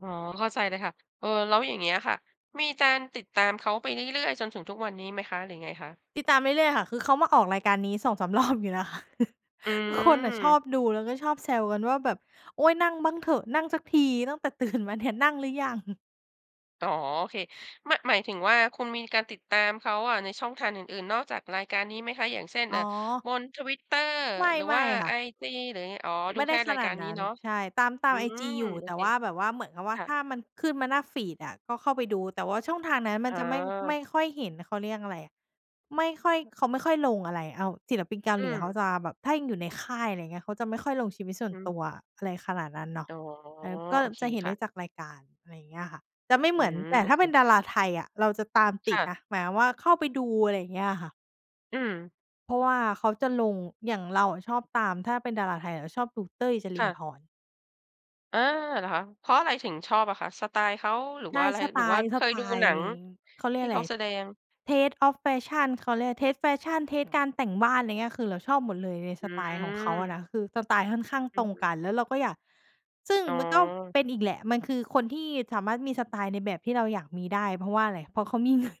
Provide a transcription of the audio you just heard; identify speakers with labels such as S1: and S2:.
S1: อ๋อ เข้าใจเลยค่ะ เออ แล้วอย่างเงี้ยอะค่ะ มีการติดตามเขาไปเรื่อย ๆ จนถึงทุกวันนี้ไหมคะ หรือไงคะ?
S2: ติดตามเรื่อย ๆ ค่ะ คือเขามาออกรายการนี้ 2-3 รอบอยู่นะคะ
S1: อื
S2: คือคนน่ะชอ
S1: ม
S2: บดู แล้วก็ชอบแซวกันว่าแบบ "โอ๊ย! นั่งบ้างเถอะ นั่งสักทีตั้งแต่ ตื่น มาเนี่ย นั่งหรือยัง?"
S1: อ๋อ โอเค ม หมายถึงว่าคุณมีการติดตามเขาอะในช่องทางอื่น ๆ นอกจากรายการนี้ไหมคะ อย่างเช่น
S2: อ๋
S1: เอ่อ
S2: อ
S1: บนทวิตเตอร์
S2: ไม่
S1: หรือ
S2: ไม
S1: ว
S2: ่
S1: ่า
S2: ค
S1: ไ
S2: ่
S1: อ
S2: ะ
S1: จี หรือยังไง? อ๋อ
S2: ไ
S1: ดู
S2: ม่ไ
S1: แ
S2: ด
S1: ค
S2: ้
S1: ่
S2: ข
S1: ราย
S2: น
S1: ก
S2: า
S1: า
S2: ด
S1: รน
S2: น
S1: ี้
S2: ั้น
S1: เนาะ
S2: ใช่ ตาม ตา
S1: อ
S2: ม
S1: ื
S2: ไอ
S1: ม
S2: จีอยู่
S1: โอ
S2: แต่
S1: เค
S2: ว่าแบบว่าเหมือนกับว่
S1: ค
S2: า
S1: ่ะ
S2: ถ้ามันขึ้นมาหน้าฟีดอะก็เข้าไปดู แต่ว่าช่องทางนั้นมั
S1: อ
S2: น
S1: ๋
S2: จะไม่ ไม
S1: อ
S2: ่ค่อยเห็น เขาเรียกอะไร ไม่ค่อย เขาไม่ค่อยลงอะไร เอา ศิลปินเกา
S1: อื
S2: หลีเขา
S1: ม
S2: จะแบบถ้ายังอยู่ในค่าย อะไรเงี้ย เขาจะไม่ค่อยลงชีวิตส่ว
S1: อ
S2: น
S1: ื
S2: ต
S1: ม
S2: ัว อะไรขนาดนั้นเนาะ
S1: อ๋อ
S2: เออ ก็
S1: โอเค
S2: จะเห็น
S1: ค
S2: ไ
S1: ่
S2: ด
S1: ะ
S2: ้จากรายการ อะไรเงี้ยค่ะ จะไม่
S1: อื
S2: เหมือน
S1: ม
S2: แต่
S1: โอ
S2: ถ้า
S1: เค
S2: เป็นดาราไทยอะเราจะตามต
S1: ค
S2: ิ
S1: ่
S2: ด
S1: ะ
S2: นะ หมายความว่าเข้าไปดู อะไรเงี้ยค่ะ
S1: อืม
S2: เพราะว่าเขาจะลง อย่างเราอะชอบตาม ถ้าเป็นดาราไทยอะจะชอบดูเต้ย จร
S1: ค
S2: ิ
S1: ่
S2: นทร์
S1: ะ
S2: พร
S1: อา เหรอคะ เพราะอะไรถึงชอบอะคะ สไตล์เขา หรือ
S2: ใช
S1: ว
S2: ่
S1: ่าอะไร
S2: สไ
S1: ห
S2: ต
S1: รือว่า
S2: ล์
S1: เ
S2: ส
S1: ค
S2: ไ
S1: ย
S2: ต
S1: ดู
S2: ล
S1: ห
S2: ์
S1: นั
S2: เอ
S1: ง
S2: ง เขาเรี
S1: ท
S2: ย
S1: ี
S2: ก
S1: ่
S2: อ
S1: เ
S2: ะ
S1: ข
S2: ไ
S1: า
S2: ร
S1: แสดง?
S2: Taste of Fashion เขาเรียก Taste Fashion เทสต์ การแต่งบ้าน ไรเงี้ย คือเราชอบหมดเลยใน
S1: อ
S2: ส
S1: ื
S2: ไตล์ของเขาอะ
S1: ม
S2: นะ คือสไตล์ค่อนข้าง
S1: อ
S2: ต
S1: ื
S2: ร
S1: อ
S2: ง
S1: ฮ
S2: ก
S1: ึ
S2: ัน แล้วเราก็อยาก ซึ่ง
S1: อ๋
S2: มันก็
S1: อ
S2: เป็นอีกแหละ มันคือคนที่สามารถมีสไตล์ในแบบที่เราอยากมีได้ เพราะว่าอะไร เพราะเขามี เงิน